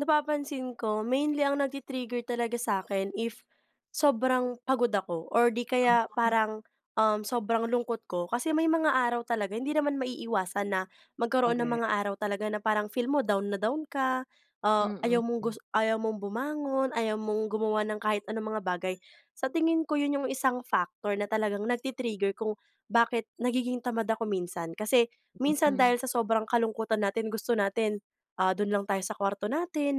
Napapansin ko mainly ang nagti-trigger talaga sa'kin if sobrang pagod ako or di kaya [unintelligible] parang, um, sobrang lungkot ko. Kasi may mga araw talaga hindi naman maiiwasan na magkaroon ng mga Korek. araw talaga na parang feel mo down na down ka. Ah, ayaw mong Mm. gus ayaw mong bumangon, ayaw mong gumawa ng kahit anong mga bagay. Sa tingin ko 'yon yung isang factor na talagang nagti-trigger kung bakit nagiging tamad ako minsan kasi minsan Mm. dahil sa sobrang kalungkutan natin gusto natin, ah, don lang tayo sa kuwarto natin,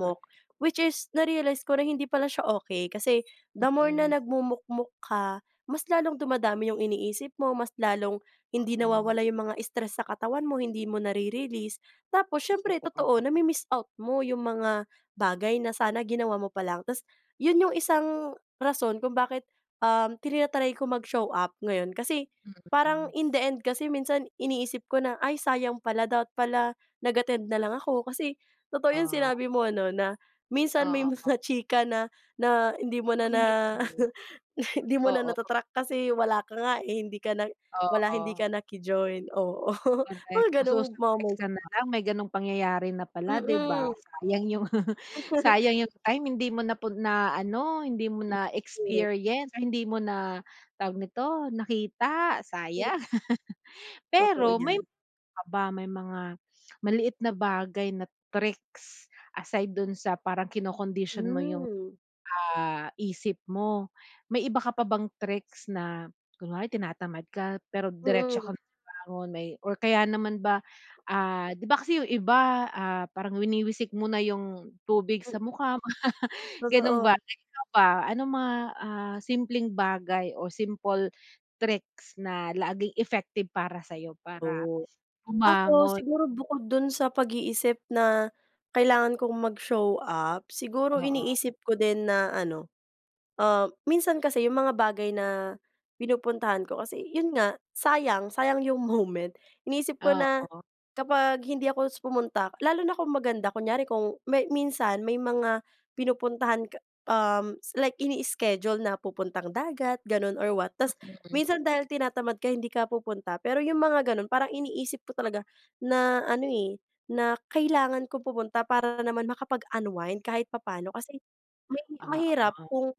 Korek. which is na-realize ko na hindi pala siya okey kasi the more na Mm. nagmumukmok ka, mas lalong dumadami yung iniisip mo, mas lalong hindi Mhm. nawawala yung mga stress sa katawan mo, hindi mo nare-release. Tapos, siyempre Totoo. totoo nami-miss out mo yung mga bagay na sana ginawa mo pa lang, tas 'yon yung isang rason kung bakit, um, tina-try ko mag-show up ngayon kasi parang Mhm. in the end kasi minsan iniisip ko na, "Ay, sayang pala dapat pala nag-attend na lang ako", kasi totoo yung Ah. sinabi mo ano na minsan may Oo. mga chika na, na hindi mo na Ora na mismo. hindi mo na Oo. nata-track kasi wala ka nga, eh, hindi ka na, wala hindi ka Oo. naki-join, oo Ay, mga gano'ng masu-surprise moments ka na ba. lang may ganong pangyayari na pala 'di ba? Mm. Sayang yung sayang yung time hindi mo napun na ano hindi mo It's true. na-experience, hindi mo na tawag nito nakita, sayang. [unintelligible] Totoo Pero may, 'yan. iba pa ba may mga maliit na bagay na tricks aside don sa parang kinokondisyon mo yung, Hmm. ah, isip mo? May iba ka pa bang tricks na kunwari tinatamad ka pero diretso Hmm. ka bumangon may or kaya naman ba, ah, 'di ba kasi yung iba, ah, parang winiwisik mo na yung tubig sa Mm. mukha ganon ba? Totoo. Ikaw ba anong mga, ah, simpleng bagay o simple tricks na laging effective para sa'yo para Oh. Ako bumangon? siguro bukod don sa pag-iisip na kailangan kong mag-show up, siguro Oo. iniisip ko din na ano, ah, minsan kasi yung mga bagay na pinupuntahan ko kasi 'yon nga sayang, sayang 'yong moment. Iniisip ko na, Oo. kapag hindi ako pumunta lalo na kung maganda, kunyari kung may minsan may mga pinupuntahan ka um, like ini-iskedyul na pupuntang dagat ganon or what, tapos Mm. minsan dahil tinatamad ka hindi ka pupunta, pero 'yong mga gano'n parang iniisip ko talaga na ano, eh, na kailangan ko pumunta para naman makapag-unwind kahit papaano kasi mahi mahirap Oo. kung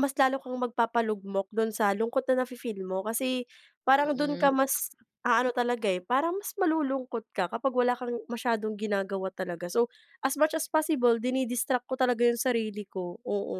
mas lalo kang magpapalugmok don sa lungkot na nafe-feel mo kasi parang don Mm. ka mas aano talaga, eh, parang mas malulungkot ka kapag wala kang masyadong ginagawa talaga. So as much as possible dini-distract ko talaga yung sarili ko, oo.